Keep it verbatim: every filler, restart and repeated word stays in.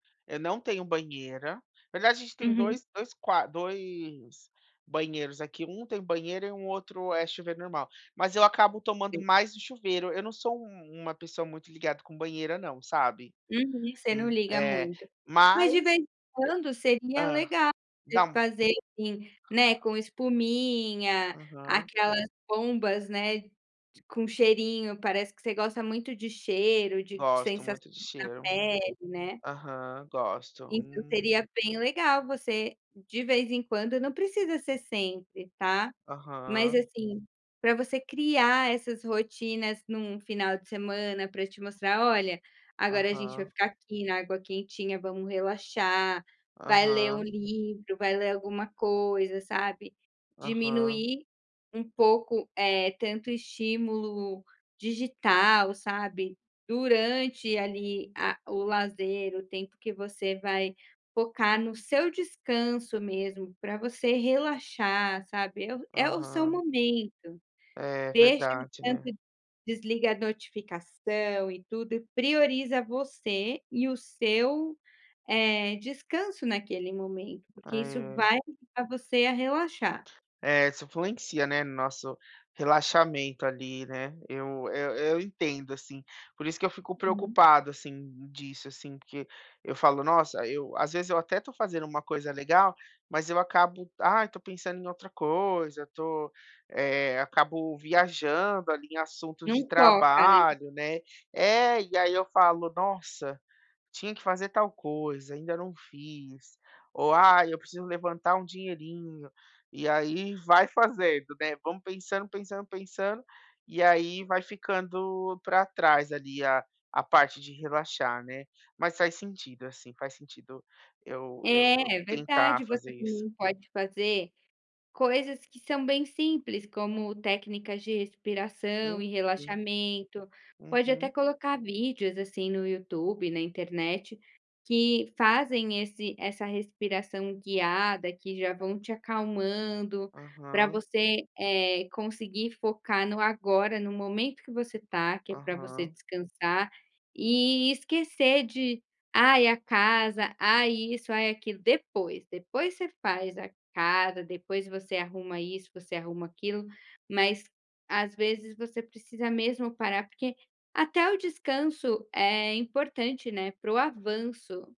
Eu não tenho banheira, aliás, a gente tem Uhum. dois, dois qua dois banheiros aqui, um tem banheira e um outro é chuveiro normal, mas eu acabo tomando Sei. mais no chuveiro. Eu não sou uma pessoa muito ligada com banheira, não, sabe, Uhum, você não hum, liga eh, muito. Mas de mas, vez em quando e seria hã, legal você dá fazer, assim, né, com espuminha, Aham. aquelas bombas, né, de com cheirinho parece que você gosta muito de cheiro, de de Gosto sensação muito de na cheiro. pele, né. Aham. Gosto, Então, hum. seria bem legal você, de vez em quando, não precisa ser sempre, tá, mas, Aham. assim, para você criar essas rotinas em um final de semana para te mostrar: "Olha, agora a gente vai Aham. ficar aqui na água quentinha. Vamos relaxar." Vai ler um Aham. livro, vai ler alguma coisa, sabe, Aham. diminuir um pouco, eh, tanto estímulo digital, sabe. Durante ali a o lazer, o tempo que você vai focar no seu descanso mesmo, para você relaxar, sabe, é o é o seu Aham. momento. É Deixa o verdade, tanto né. desliga a notificação e tudo, e prioriza você e o seu, eh, descanso naquele momento, porque isso É. vai ajudar você a relaxar. É, isso influencia, né, no nosso relaxamento ali, né. Eu eu eu entendo, assim, por isso que eu fico Uhum. preocupado, assim, disso, assim, porque eu falo: "Nossa, eu" Às vezes eu até estou fazendo uma coisa legal, mas eu acabo, ai, estou pensando em outra coisa, eu estou, acabo viajando ali em assuntos Não de foca, né. trabalho, né. É. E aí ,eu falo: "Nossa, tinha que fazer tal coisa, ainda não fiz." Ou: "Ai, eu preciso levantar um dinheirinho." E aí vai fazendo, né, vamos pensando, pensando, pensando, e aí vai ficando para trás ali a a parte de relaxar, né. Mas faz sentido, assim, faz sentido eu eu É, é tentar verdade, fazer você isso. também pode fazer coisas que são bem simples, como técnicas de respiração e Uhum. relaxamento. Pode até Uhum. colocar vídeos, assim, no YouTube, na internet, que fazem esse essa respiração guiada, que já vão te acalmando, pra Aham. você, eh, conseguir focar no agora, no momento que você tá, que é para você Aham. descansar, e esquecer de ai a casa, ai isso, ai aquilo. Depois, depois você faz a casa, depois você arruma isso, você arruma aquilo, mas às vezes você precisa mesmo parar, porque até o descanso é importante, né, para o avanço.